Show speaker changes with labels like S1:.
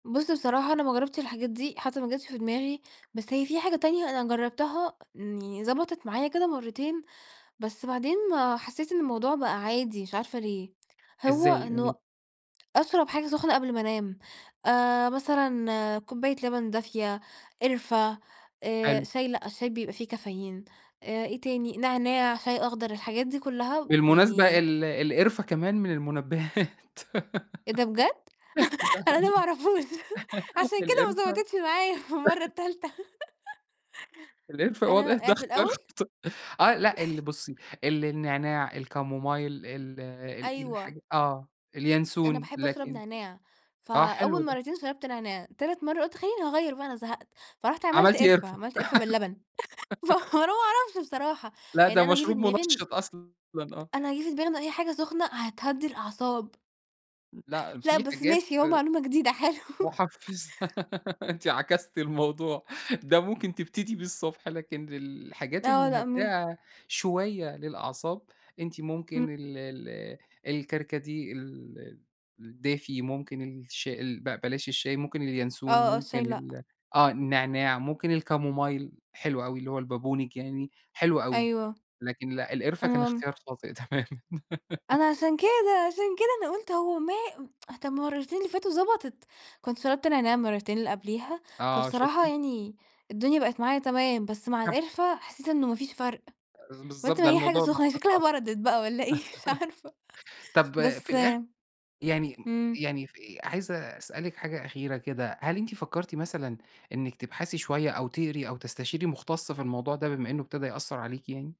S1: بُصّ بصراحة أنا ما جرّبتش الحاجات دي، حتى ما جاتش في دماغي، بس هي في حاجة تانية أنا جرّبتها، يعني ضبَطِت معايا كده مرّتين، بس بعدين حسّيت إن الموضوع بقى عادي، مش عارفة ليه، هو
S2: إزاي؟ قولي.
S1: إنه أشرَب حاجة سخنة قبْل ما أنام، آآ، مثلًا كوباية لبن دافية، قِرفة آآ،
S2: حلو.
S1: شاي لأ، الشاي بيبقى فيه كافيين، إيه تاني، نعناع، شاي أخضر، الحاجات دي كلّها
S2: بالمناسبة،
S1: يعني
S2: ال القِرفة كمان من المُنبّهات،
S1: إيه ده بجد؟!
S2: ده
S1: أنا ما
S2: حقيقي،
S1: أعرفهوش، عشان كده ما
S2: القِرفة
S1: ضبَطِتش معايا في المرَّة التالتة.
S2: القرفة
S1: أنا آآ في الأول
S2: [unintelligible] آه، لا، ال بُصّي، النعناع، الكامومايل، ال ال الحاج
S1: أيوه.
S2: آه،
S1: أنا
S2: الينسون،
S1: باحب أشرب
S2: لكن
S1: نعناع،
S2: آه، حلو
S1: فأول
S2: ده.
S1: مرّتين شرَبت نعناع، تالت مرَّة قُلت خلّيني أغيّر بقى أنا زهَقت، فرُحت عملت
S2: عملتِ
S1: قِرفة،
S2: قرفة
S1: عملت قِرفة باللبن فأنا ما أعرفش بصراحة،
S2: لا ده
S1: يعني أنا جِه في
S2: مشروب
S1: دماغي إن
S2: منشِّط أصلًا. آه.
S1: أنا جِه في دماغي إن أي حاجة سخنة هتهدّي الأعصاب.
S2: مم لأ،
S1: لأ،
S2: في
S1: بس
S2: حاجات
S1: ماشي أهو معلومة جديدة، حلو.
S2: محفِّزة، أنتِ عكستِ الموضوع، ده ممكن تبتدي بيه الصبح لكن الحاجات
S1: آه، لأ، م
S2: المُهدّئة شوية للأعصاب، أنتِ
S1: إمم.
S2: ممكن ال ال الكركديه، ال الدافي، ممكن الشي ال ب بلاش الشاي، ممكن الينسون،
S1: آه، آه،
S2: ممكن
S1: الشاي لأ.
S2: ال آه، النعناع ممكن الكامومايل، حلو أوي اللي هو البابونج يعني، حلو أوي،
S1: أيوه،
S2: لكن لأ، القِرفة كان
S1: آه.
S2: اختيار خاطئ تمامًا.
S1: أنا عشان كده، عشان كده أنا قُلت هو ما طَب المرّتين اللي فاتوا ضبَطِت، كنت شرَبت نعناع المرّتين اللي قبليها،
S2: آه،
S1: فبصراحة
S2: شُفتِ؟
S1: يعني الدنيا بقت معايا تمام، بس مع
S2: [unintelligible]
S1: القِرفة، حسّيت إنه ما فيش فرْق،
S2: آآ،
S1: قلْت
S2: بالضبط،
S1: ما
S2: ده
S1: هي حاجة
S2: الموضوع ده
S1: سخنة، هي شكلها
S2: [unintelligible]
S1: بردَت بقى والّا إيه؟ مش عارفة
S2: طَب في
S1: بس
S2: الآخر يعني
S1: إمم.
S2: يعني في عايز أسألِك حاجة أخيرة كده، هل أنتِ فكّرتِ مثلًا إنِك تبحثي شوية أو تقري أو تستشيري مخُتص في الموضوع ده، بما إنه ابتدى يأثّر عليكِ يعني؟